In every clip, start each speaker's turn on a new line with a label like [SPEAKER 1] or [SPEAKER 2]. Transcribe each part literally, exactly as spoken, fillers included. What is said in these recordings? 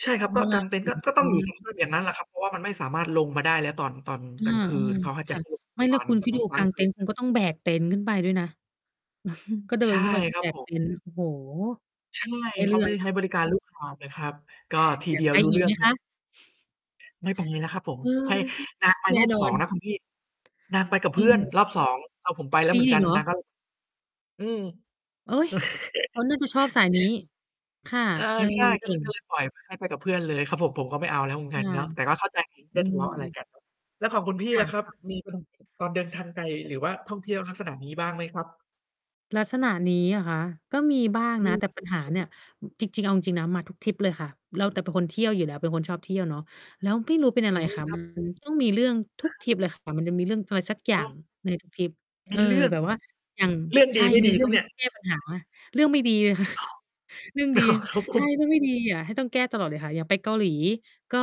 [SPEAKER 1] ใช่ครับ ก
[SPEAKER 2] เ
[SPEAKER 1] ็
[SPEAKER 2] วล
[SPEAKER 1] ก
[SPEAKER 2] า
[SPEAKER 1] าง
[SPEAKER 2] ไป
[SPEAKER 1] เต็นท
[SPEAKER 2] ถ
[SPEAKER 1] ์
[SPEAKER 2] ึ
[SPEAKER 1] ก็
[SPEAKER 2] ง
[SPEAKER 1] ก
[SPEAKER 2] ต
[SPEAKER 1] ็
[SPEAKER 2] ร
[SPEAKER 1] ต้อ
[SPEAKER 2] ง
[SPEAKER 1] ง อ
[SPEAKER 2] เ
[SPEAKER 1] ยู
[SPEAKER 2] น
[SPEAKER 1] ่
[SPEAKER 2] ี
[SPEAKER 1] ใ
[SPEAKER 2] ้
[SPEAKER 1] น
[SPEAKER 2] ย
[SPEAKER 1] สภาพ อย่างงั้นแหละครับ เพราะว่ามันไม่สามารถลงมาได้แล้วตอน ตอน
[SPEAKER 2] อา
[SPEAKER 1] กลางคืน เขาให้
[SPEAKER 2] ๆ
[SPEAKER 1] แ
[SPEAKER 2] ค
[SPEAKER 1] ต่
[SPEAKER 2] ่ะ
[SPEAKER 1] พวก
[SPEAKER 2] ไม่
[SPEAKER 1] พ
[SPEAKER 2] แ
[SPEAKER 1] ร
[SPEAKER 2] ล้
[SPEAKER 1] า
[SPEAKER 2] ว
[SPEAKER 1] น
[SPEAKER 2] คุณ
[SPEAKER 1] ก็
[SPEAKER 2] คิด
[SPEAKER 1] ต้อ
[SPEAKER 2] ด
[SPEAKER 1] ง
[SPEAKER 2] ู
[SPEAKER 1] ค้
[SPEAKER 2] ก
[SPEAKER 1] าง
[SPEAKER 2] าง
[SPEAKER 1] ค
[SPEAKER 2] เต
[SPEAKER 1] ื
[SPEAKER 2] ็
[SPEAKER 1] น
[SPEAKER 2] นท์คุณก็ต้องแบกเต็นท์ขึ้นไปด้วยนะ ก็เดิ
[SPEAKER 1] ใช
[SPEAKER 2] น
[SPEAKER 1] ่
[SPEAKER 2] ขึ้นไป ก็
[SPEAKER 1] ครั
[SPEAKER 2] แบ
[SPEAKER 1] บ
[SPEAKER 2] ก
[SPEAKER 1] ผม
[SPEAKER 2] เต็นท์ โอ้โฮ
[SPEAKER 1] ใช่
[SPEAKER 2] ได้
[SPEAKER 1] เข
[SPEAKER 2] เรื
[SPEAKER 1] า
[SPEAKER 2] ่
[SPEAKER 1] ไม
[SPEAKER 2] อ
[SPEAKER 1] ่
[SPEAKER 2] ง
[SPEAKER 1] ได้ใช้บริการ ลูกหาบ เลยครับ ก็ที
[SPEAKER 2] อย
[SPEAKER 1] เ
[SPEAKER 2] า
[SPEAKER 1] ด
[SPEAKER 2] ก
[SPEAKER 1] ียว
[SPEAKER 2] ไป
[SPEAKER 1] รู้
[SPEAKER 2] อ
[SPEAKER 1] เ
[SPEAKER 2] ี
[SPEAKER 1] รื
[SPEAKER 2] ก
[SPEAKER 1] ่
[SPEAKER 2] ไ
[SPEAKER 1] อ
[SPEAKER 2] ห
[SPEAKER 1] ง
[SPEAKER 2] ม
[SPEAKER 1] คร
[SPEAKER 2] ค
[SPEAKER 1] ับ
[SPEAKER 2] ะ?
[SPEAKER 1] ไม่ปังเลยนะครับผม
[SPEAKER 2] เออ
[SPEAKER 1] ให้ นาง ไป
[SPEAKER 2] แน
[SPEAKER 1] ร
[SPEAKER 2] ่
[SPEAKER 1] อบ
[SPEAKER 2] นอ
[SPEAKER 1] สอง
[SPEAKER 2] น
[SPEAKER 1] นะคุณ พี่ นางไปกับเ
[SPEAKER 2] เ
[SPEAKER 1] พื่อน
[SPEAKER 2] ออ
[SPEAKER 1] รอบ สอง เอาผมไปแล้
[SPEAKER 2] ป
[SPEAKER 1] วเ
[SPEAKER 2] ี
[SPEAKER 1] หมือน
[SPEAKER 2] อี
[SPEAKER 1] กั
[SPEAKER 2] ก
[SPEAKER 1] น
[SPEAKER 2] เหร
[SPEAKER 1] น
[SPEAKER 2] อ?
[SPEAKER 1] างก็ ล อืม
[SPEAKER 2] โอ๊ย เขาน่าจะชอบสายนี้ ค่ะ
[SPEAKER 1] เออ
[SPEAKER 2] เออ
[SPEAKER 1] ใช่ ก
[SPEAKER 2] เก
[SPEAKER 1] ็เ
[SPEAKER 2] ่
[SPEAKER 1] ลย
[SPEAKER 2] ง
[SPEAKER 1] ก็เลยปล่อยให้ ไปกับเพื่อนเลยครับผม ผมก็ไม่เอาแล้วเหมือน
[SPEAKER 2] ค
[SPEAKER 1] กัน
[SPEAKER 2] ่ะ
[SPEAKER 1] เนาะ แต่ก็เข้า ใจ ไ
[SPEAKER 2] อ
[SPEAKER 1] ม
[SPEAKER 2] ื
[SPEAKER 1] ่ทะเลาะอะไร
[SPEAKER 2] ม
[SPEAKER 1] กัน เนาะ แล้วของคุณพี่
[SPEAKER 2] ค่
[SPEAKER 1] ล่ะครับ
[SPEAKER 2] ะ ๆ
[SPEAKER 1] มี ไปตรงไหน ตอนเดินทางไกล หรือว่าท่องเที่ยวลักษณะนี้บ้างไหมครับ?
[SPEAKER 2] ลักษณะนี้เหรอคะ? ก็มีบ้าง
[SPEAKER 1] อื
[SPEAKER 2] นะ
[SPEAKER 1] ม
[SPEAKER 2] แต่
[SPEAKER 1] ครั
[SPEAKER 2] ปัญห
[SPEAKER 1] บ
[SPEAKER 2] า
[SPEAKER 1] ผ
[SPEAKER 2] เ
[SPEAKER 1] ม
[SPEAKER 2] นี่ย อ จริง ๆ เอาจริง ๆ นะ มาทุกทริปเลยค่ะ เรา แต่เป็นคนเที่ยวอยู่แล้ว เป็นคนชอบเที่ยวเนาะ แล้วไม่รู้เป็นอ
[SPEAKER 1] อ
[SPEAKER 2] ะ
[SPEAKER 1] ื
[SPEAKER 2] ไร
[SPEAKER 1] อ
[SPEAKER 2] ค่ะ
[SPEAKER 1] คร
[SPEAKER 2] ม
[SPEAKER 1] ั
[SPEAKER 2] ั
[SPEAKER 1] บ
[SPEAKER 2] น ต้องมีเรื่องทุก
[SPEAKER 1] ครับ
[SPEAKER 2] ทริปเลยค่ะ มันจะมีเรื่องอะไรสักอย
[SPEAKER 1] โ
[SPEAKER 2] ่า
[SPEAKER 1] อ
[SPEAKER 2] ง
[SPEAKER 1] ้!
[SPEAKER 2] ในทุกทริป
[SPEAKER 1] ม
[SPEAKER 2] เอ
[SPEAKER 1] ี
[SPEAKER 2] อ
[SPEAKER 1] เรื่อง!
[SPEAKER 2] แบบว่าอย่าง
[SPEAKER 1] เรื่อง
[SPEAKER 2] ใช
[SPEAKER 1] ดี
[SPEAKER 2] ่
[SPEAKER 1] ไม่
[SPEAKER 2] มี
[SPEAKER 1] ดี
[SPEAKER 2] เรื่
[SPEAKER 1] คร
[SPEAKER 2] อ
[SPEAKER 1] ั
[SPEAKER 2] ง
[SPEAKER 1] บ
[SPEAKER 2] ท
[SPEAKER 1] เ
[SPEAKER 2] ี
[SPEAKER 1] นี
[SPEAKER 2] ่
[SPEAKER 1] ่ย?
[SPEAKER 2] ต้องแก้ปัญหา เรื่องไม่ดีเลย ค่ะ
[SPEAKER 1] อ้อ
[SPEAKER 2] เรื่องดี
[SPEAKER 1] อ๋อ ครับผ
[SPEAKER 2] ใช่
[SPEAKER 1] ม
[SPEAKER 2] เรื่องไม่ดีอะ ให้ต้องแก้ตลอดเลยค่ะ อย่างไปเกาหลี ก็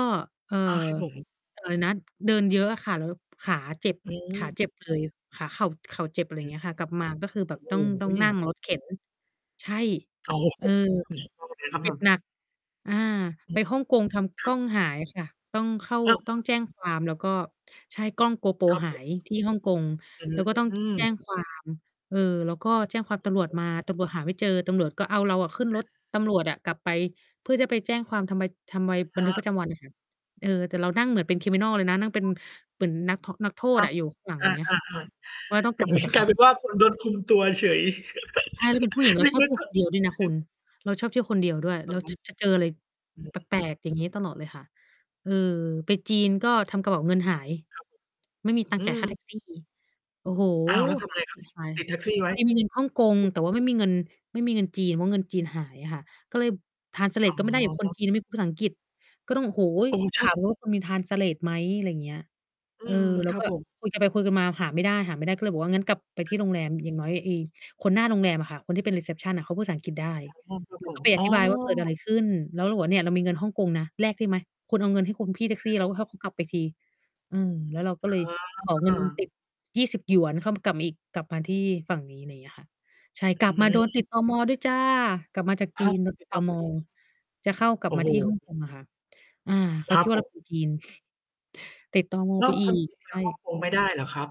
[SPEAKER 2] เอ่อ
[SPEAKER 1] อา ครับผม
[SPEAKER 2] อะไรนะ เดินเยอะอะค่ะ แล้วขาเจ็บ
[SPEAKER 1] อื
[SPEAKER 2] ขา
[SPEAKER 1] ม
[SPEAKER 2] เจ็บเลย ขา เข่า เข่าเจ็บ อะไร
[SPEAKER 1] อื
[SPEAKER 2] เง
[SPEAKER 1] ม
[SPEAKER 2] ี้ยค่ะ กลับมา ก็คือแบบต้อ
[SPEAKER 1] อื
[SPEAKER 2] ง
[SPEAKER 1] ม
[SPEAKER 2] ต้
[SPEAKER 1] อ
[SPEAKER 2] อ
[SPEAKER 1] ุ
[SPEAKER 2] ง
[SPEAKER 1] ๊ย
[SPEAKER 2] นั่งรถเข็น ใช่
[SPEAKER 1] โอ้โ
[SPEAKER 2] เออ เจ็บ
[SPEAKER 1] ฮ
[SPEAKER 2] หนัก อา ไปฮ่องกง ท
[SPEAKER 1] ค
[SPEAKER 2] ำก
[SPEAKER 1] รั
[SPEAKER 2] ล้
[SPEAKER 1] บ
[SPEAKER 2] อ
[SPEAKER 1] ผ
[SPEAKER 2] ง
[SPEAKER 1] ม
[SPEAKER 2] หายค่ะ ต้องเข้า ต้องแจ้งความแล้วก็ ใช่ กล้อง GoPro
[SPEAKER 1] ครับ
[SPEAKER 2] หา
[SPEAKER 1] ผม
[SPEAKER 2] ยที่ฮ่องกง แล้วก็ต้อง
[SPEAKER 1] อืม
[SPEAKER 2] แจ้งความ เออ แล้วก็แจ้งความ
[SPEAKER 1] อื
[SPEAKER 2] ต
[SPEAKER 1] อ
[SPEAKER 2] ำรว
[SPEAKER 1] ฮ
[SPEAKER 2] จ
[SPEAKER 1] ึ
[SPEAKER 2] มา ตำรวจหาไม่เจอ ตำรวจก็เอาเราอะขึ้นรถ ตำรวจอะกลับไป เพื่อจะไปแจ้งความ ทำใบ ทำใบ
[SPEAKER 1] อะ
[SPEAKER 2] บ
[SPEAKER 1] ฮ
[SPEAKER 2] ันทึก
[SPEAKER 1] ะ
[SPEAKER 2] ประจำวัน น่ะค่ะ เออ แต่เรานั่งเหมือนเป็น Criminal เลยนะ นั่งเป็น
[SPEAKER 1] อ๋อ
[SPEAKER 2] เหมือนนัก ท นักโท
[SPEAKER 1] อ
[SPEAKER 2] ษ
[SPEAKER 1] ะ
[SPEAKER 2] น่ะ อยู่ข้างหลัง
[SPEAKER 1] อ
[SPEAKER 2] อย่างเงี้ยค
[SPEAKER 1] า
[SPEAKER 2] ่ะ
[SPEAKER 1] ๆ
[SPEAKER 2] เพราะว่าต้อ
[SPEAKER 1] ๆ
[SPEAKER 2] ง
[SPEAKER 1] แต
[SPEAKER 2] ก
[SPEAKER 1] ่
[SPEAKER 2] ลั
[SPEAKER 1] เ
[SPEAKER 2] บ
[SPEAKER 1] ห
[SPEAKER 2] ไป
[SPEAKER 1] มือ
[SPEAKER 2] ก
[SPEAKER 1] น
[SPEAKER 2] ับ
[SPEAKER 1] ก
[SPEAKER 2] เข
[SPEAKER 1] ลา
[SPEAKER 2] า
[SPEAKER 1] ยเป็นว่า คุณโดนคุมตัวเฉย
[SPEAKER 2] ใช่ แล้วเป็นผู้หญิง เร
[SPEAKER 1] น
[SPEAKER 2] า
[SPEAKER 1] ึก
[SPEAKER 2] ชอบ
[SPEAKER 1] ว่
[SPEAKER 2] เ
[SPEAKER 1] า
[SPEAKER 2] ที่ย
[SPEAKER 1] ผ
[SPEAKER 2] ว
[SPEAKER 1] ู้
[SPEAKER 2] ค
[SPEAKER 1] ต
[SPEAKER 2] น
[SPEAKER 1] ้อ
[SPEAKER 2] เดี
[SPEAKER 1] ง
[SPEAKER 2] ยว ด้วยนะค
[SPEAKER 1] ห
[SPEAKER 2] ุ
[SPEAKER 1] า
[SPEAKER 2] ณ เราชอบเที่ยวคนเดียวด้วย
[SPEAKER 1] อ
[SPEAKER 2] เรา
[SPEAKER 1] ๋อ
[SPEAKER 2] ช จะเจออะไร
[SPEAKER 1] อ
[SPEAKER 2] แปล
[SPEAKER 1] ือ
[SPEAKER 2] ก ๆ อย่างงี้ ตลอดเลยค่ะ เออ ไปจีนก็ทำกระเป๋าเงินหาย
[SPEAKER 1] ครับผ
[SPEAKER 2] ไม่
[SPEAKER 1] ม
[SPEAKER 2] มีตั
[SPEAKER 1] อ
[SPEAKER 2] ง
[SPEAKER 1] ื
[SPEAKER 2] ค์จ่ายค
[SPEAKER 1] ม
[SPEAKER 2] ่า แท็กซี่ โอ้โฮ
[SPEAKER 1] อ้าว แล้ว ท
[SPEAKER 2] ก
[SPEAKER 1] ำ
[SPEAKER 2] ว่า
[SPEAKER 1] ไงค
[SPEAKER 2] ค
[SPEAKER 1] รั
[SPEAKER 2] ล
[SPEAKER 1] บ?
[SPEAKER 2] ี่
[SPEAKER 1] ทีน
[SPEAKER 2] ค
[SPEAKER 1] ี
[SPEAKER 2] ล
[SPEAKER 1] ้
[SPEAKER 2] าย
[SPEAKER 1] ติดแท็กซี่ไว
[SPEAKER 2] พ
[SPEAKER 1] ้
[SPEAKER 2] อดีมีเงินฮ่องกง แต่ว่าไม่มีเงิน ไม่มีเงินจีน เพราะเงินจีนหายอะค่ะ ก็เลย ทรานสเล
[SPEAKER 1] อ
[SPEAKER 2] ต ก็ไม่ได้อะ คน
[SPEAKER 1] ๋อ
[SPEAKER 2] จีนอะไม่พูดภาษาอังกฤษ ก็ต้อง โอ้โฮ
[SPEAKER 1] โอ้ ใช
[SPEAKER 2] ถ
[SPEAKER 1] ่
[SPEAKER 2] ามว
[SPEAKER 1] ๆ
[SPEAKER 2] ่า คุณมี ทรานสเลต ไหม? อะไรอย่างเงี้ย
[SPEAKER 1] อื
[SPEAKER 2] เออ
[SPEAKER 1] ม
[SPEAKER 2] แล
[SPEAKER 1] ค
[SPEAKER 2] ้ว
[SPEAKER 1] รับ
[SPEAKER 2] ก็
[SPEAKER 1] ผม
[SPEAKER 2] คุยกันไปคุยกันมาหาไม่ได้ หาไม่ได้ ก็เลยบอกว่า งั้นกลับไปที่โรงแรม อย่างน้อยไอ้ คนหน้าโรงแรมอะค่ะ คนที่เป็น รีเซปชัน น่ะเขาพูดภาษาอังกฤษได้
[SPEAKER 1] อ๋อ ครับ
[SPEAKER 2] เร
[SPEAKER 1] ผ
[SPEAKER 2] า ก
[SPEAKER 1] ม
[SPEAKER 2] ็ไปอ
[SPEAKER 1] อ๋อ
[SPEAKER 2] ธิบายว่าเกิดอะไรขึ้น แล้วเราบอกว่า "เนี่ย เรามีเงินฮ่องกงนะ แลกได้ไหม? คุณเอาเงินให้คุณพี่แท็
[SPEAKER 1] อ
[SPEAKER 2] ก
[SPEAKER 1] ะ
[SPEAKER 2] ซี่
[SPEAKER 1] ฮ
[SPEAKER 2] แล้ว
[SPEAKER 1] ะ
[SPEAKER 2] ให้เขากลับไปที" เออ แล้วเราก็
[SPEAKER 1] อ
[SPEAKER 2] เลยขอ เงิ
[SPEAKER 1] ๋
[SPEAKER 2] น
[SPEAKER 1] อ
[SPEAKER 2] ติด ยี่สิบ หยวน เข้ามา กลับมาอีก กลับมาที่ฝั่งนี้ อะไรเงี้ยค่ะ ใช่ ก
[SPEAKER 1] อ
[SPEAKER 2] ลับมาโด
[SPEAKER 1] ื
[SPEAKER 2] นติ
[SPEAKER 1] ม
[SPEAKER 2] ด ตม. ด้วยจ้ะ กลับมาจาก
[SPEAKER 1] อ
[SPEAKER 2] จ
[SPEAKER 1] ้
[SPEAKER 2] ี
[SPEAKER 1] าว!
[SPEAKER 2] น โดน
[SPEAKER 1] ต
[SPEAKER 2] ต
[SPEAKER 1] ิ
[SPEAKER 2] ิด
[SPEAKER 1] ด ต
[SPEAKER 2] ต
[SPEAKER 1] ม.
[SPEAKER 2] ม.
[SPEAKER 1] อีก
[SPEAKER 2] จะเข้า กลั
[SPEAKER 1] โอ
[SPEAKER 2] บ
[SPEAKER 1] ้
[SPEAKER 2] มา
[SPEAKER 1] โฮ
[SPEAKER 2] ที่ ฮ่องกง อะค่ะ อา เข
[SPEAKER 1] ค
[SPEAKER 2] า
[SPEAKER 1] รั
[SPEAKER 2] คิ
[SPEAKER 1] บ
[SPEAKER 2] ดว่
[SPEAKER 1] ผ
[SPEAKER 2] าเรา
[SPEAKER 1] ม
[SPEAKER 2] เป็น จีน ติด ตม.
[SPEAKER 1] แล้
[SPEAKER 2] ไป
[SPEAKER 1] ว
[SPEAKER 2] อึ
[SPEAKER 1] คนจ
[SPEAKER 2] ก
[SPEAKER 1] ีนไป
[SPEAKER 2] ใช
[SPEAKER 1] ในฮ่อง
[SPEAKER 2] ่
[SPEAKER 1] กง ไม่ได้เหรอครับ?